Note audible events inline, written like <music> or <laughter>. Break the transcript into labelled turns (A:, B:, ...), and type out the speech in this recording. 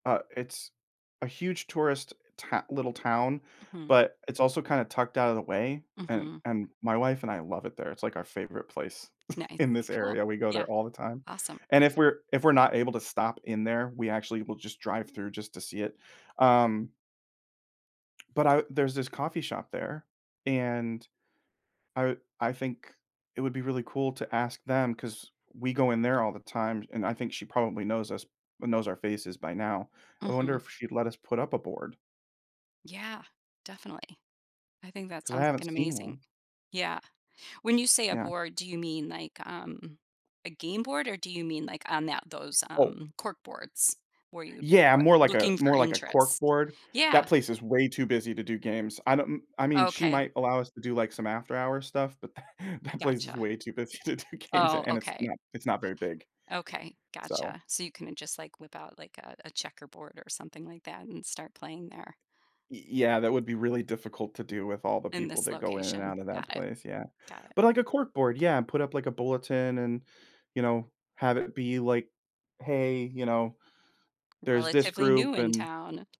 A: Uh, it's a huge tourist, eh, tow little town,
B: Mhm.
A: but it's also kinda tucked outta the way, and
B: Mhm.
A: and my wife and I love it there, it's, like, our favorite place <chuckles>
B: Nice,
A: in this
B: cool,
A: area. We go
B: yeah,
A: there all the time,
B: awesome.
A: and if we're if we're not able to stop in there, we actually will just drive through just to see it. Um but I there's this coffee shop there, and I I think it would be really cool to ask them 'cause we go in there all the time, and I think she probably knows us knows our faces by now. I wonder
B: Mhm.
A: if she'd let us put up a board
B: Yeah, definitely. I think that
A: 'cause I
B: sounds like an
A: haven't seen
B: amazing
A: one.
B: Yeah. When you say a
A: Yeah.
B: board, do you mean like, um, a game board or do you mean, like, on that those,
A: Oh
B: um, cork boards where you,
A: Yeah,
B: uh,
A: more like a
B: "Looking
A: more
B: for
A: like a
B: interest?"
A: corkboard. That
B: Yeah.
A: place is way too busy to do games. I don't kn I mean, she
B: Okay.
A: might allow us to do, like, some after hours stuff, but tha that place is
B: Gotcha.
A: way too busy to do games,
B: Oh,
A: an and it's
B: okay.
A: not it's not very big.
B: Okay,
A: So
B: gotcha, so you couldn't just, like, whip out, like, a a checkerboard or something like that and start playing there?
A: Y yeah, that would be really difficult to do with all the
B: In
A: people
B: this
A: that go in and
B: location.
A: out of that
B: Got it.
A: place, yeah.
B: Got it.
A: But, like, a corkboard, yeah, and put up, like, a bulletin and, you know, have it be, like, "Hey," you know, "There's this
B: "Relatively
A: group
B: new in
A: and"
B: town."